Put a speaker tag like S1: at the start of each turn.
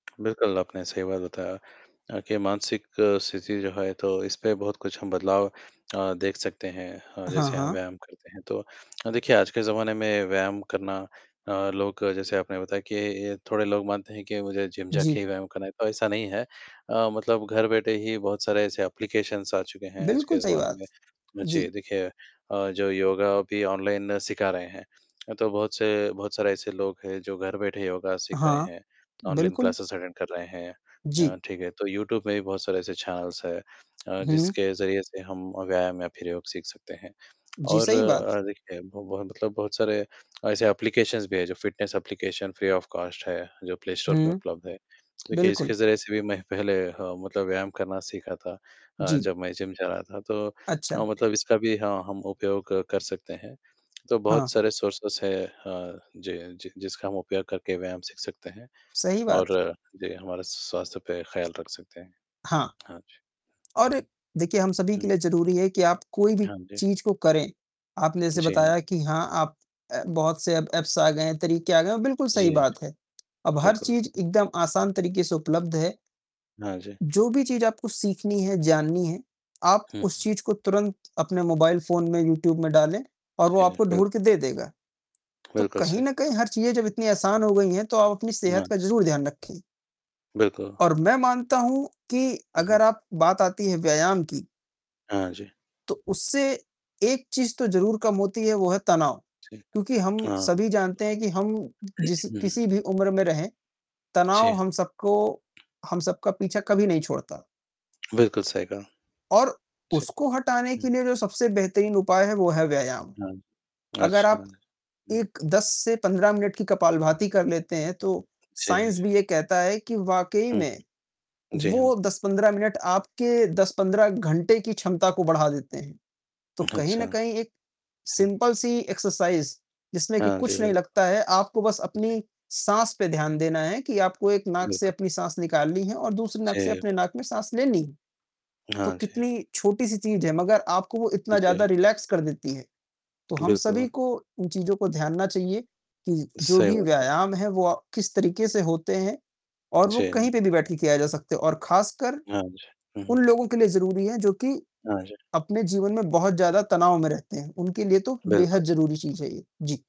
S1: बिल्कुल आपने सही बात बताया अ, कि मानसिक स्थिति जो है तो इस पर बहुत कुछ हम बदलाव अ, देख सकते हैं अ,
S2: हाँ,
S1: जैसे हम
S2: हाँ।
S1: व्यायाम करते हैं तो अ, देखिए आज के जमाने में व्यायाम करना अ, लोग जैसे आपने बताया कि थोड़े लोग मानते हैं कि मुझे जिम जाके
S2: जी।
S1: ही व्यायाम करना है तो ऐसा नहीं है अ, मतलब घर बैठे ही बहुत सारे ऐसे एप्लिकेशन्स आ चुके हैं आज
S2: बिल्कुल
S1: के
S2: सही
S1: ज़माने
S2: बात।
S1: में। तो मुझे
S2: जी।
S1: देखिए अ, जो योगा भी ऑनलाइन सिखा रहे हैं। अ, तो बहुत से बहुत सारे ऐसे लोग हैं जो घर बैठे योगा सीख रहे
S2: हाँ,
S1: हैं, ऑनलाइन
S2: बिल्कुल।
S1: क्लासेस अटेन्ड कर रहे हैं। अ,
S2: जी।
S1: ठीक है। तो यूट्यूब में भी बहुत सारे ऐसे चैनलस हैं अ,
S2: हुँ।
S1: जिसके ज़रिए से हम व्यायाम या फिर योग सीख सकते हैं
S2: जी,
S1: और
S2: सही बात।
S1: अ, देखिए वो ब मतलब बहुत सारे ऐसे एप्लिकेशन्स भी हैं जो fitness application free of cost है जो प्ले स्टोर पे
S2: हुँ,
S1: उपलब्ध है। देखिए इसके
S2: बिल्कुल।
S1: ज़रिए से भी मैं पहले ह मतलब व्यायाम करना सीखा था अ,
S2: जी।
S1: जब मैं जिम जा रहा था तो अ,
S2: अच्छा।
S1: मतलब इसका भी हाँ, हम उपयोग क कर सकते हैं। तो बहुत
S2: हाँ।
S1: सारे सोरसिज़ हैं, अ, जी। जि जिसका हम उपयोग करके व्यायाम सीख सकते हैं
S2: सही बात।
S1: और जी, हमारे स्वास्थ्य पे ख्याल रख सकते हैं।
S2: हाँ।
S1: हाँ जी।
S2: और देखिए हम सभी
S1: हुँ।
S2: के लिए ज़रूरी है कि आप कोई भी
S1: हाँ जी।
S2: चीज़ को करें, आपने जैसे
S1: जी हाँ।
S2: बताया कि हाँ, आप अ, बहुत से एप्स आ गए हैं, तरीके आ गए हैं, बिल्कुल सही
S1: जी,
S2: बात है। अब हर
S1: बिल्कुल।
S2: चीज़ एकदम आसान तरीके से उपलब्ध है।
S1: हाँ जी।
S2: जो भी चीज़ आपको सीखनी है, जाननी है, आप
S1: हुँ।
S2: उस चीज़ को तुरंत अपने मोबाइल फोन में यूट्यूब में डालें और वो
S1: जी।
S2: आपको
S1: बिल्क
S2: ढूँढ के दे देगा। तो
S1: बिल्कुल
S2: कहीं
S1: सही।
S2: न कहीं हर चीज़ें जब इतनी आसान हो गई हैं तो आप अपनी सेहत
S1: हाँ।
S2: का ज़रूर ध्यान रखें।
S1: बिल्कुल।
S2: और मैं मानता हूँ कि
S1: हुँ, हुँ।
S2: अगर आप बात आती है व्यायाम की।
S1: हाँ जी।
S2: तो उससे एक चीज तो ज़रूर कम होती है वो है तनाव, क्योंकि हम सभी जानते हैं कि हम जिस
S1: जी।
S2: किसी भी उम्र में रहें,
S1: जी।
S2: तनाव हम सबको हम सबका पीछा कभी नहीं छोड़ता।
S1: बिल्कुल सही कहा,
S2: और
S1: अच्छा,
S2: उसको हटाने
S1: हुँ।
S2: के लिए जो सबसे बेहतरीन उपाय है वो है व्यायाम।
S1: हाँ,
S2: अगर
S1: अच्छा।
S2: आप
S1: हुँ।
S2: 1, 10 से 15 मिनट की कपालभारती कर लेते हैं तो
S1: जी।
S2: साइंस भी ये कहता है कि वाक़ई
S1: हुँ,
S2: में,
S1: जी हाँ।
S2: वो 10-15 मिनट आपके 10-15 घंटे की क्षमता को बढ़ा देते हैं। तो कहीं न
S1: हुँ।
S2: कहीं एक सिम्पल सी एक्सरसाइज़ जिसमें कि
S1: हाँ जी,
S2: कुछ नहीं
S1: बिल्क
S2: लगता है, आपको बस
S1: जी।
S2: अपनी साँस पर ध्यान देना है कि आपको एक नाक से
S1: बिल्कुल।
S2: अपनी साँस निकालनी है और दूसरी नाक से
S1: जी, ब
S2: अपनी नाक में साँस लेनी है, तो
S1: हाँ जी।
S2: कितनी छोटी-सी चीज़ है मगर आपको वो इतना
S1: जी।
S2: ज़्यादा रिलैक्स कर देती है। तो हम
S1: बिल्कुल।
S2: सभी को इन चीज़ों को ध्यान ना चाहिए कि जो
S1: सही
S2: भी
S1: बात है।
S2: व्यायाम है वो अ, किस तरीके से होते हैं और वो कहीं
S1: जी।
S2: पे भी बैठ के किया जा सकते हैं और खासकर
S1: हाँ जी, हुँ, हुँ।
S2: उन लोगों के लिए ज़रूरी है जो कि
S1: हाँ जी।
S2: अपने जीवन में बहुत ज़्यादा तनाव में रहते हैं। उनके लिए तो
S1: बिल्कुल।
S2: बेहद ज़रूरी चीज़ है ये। जी।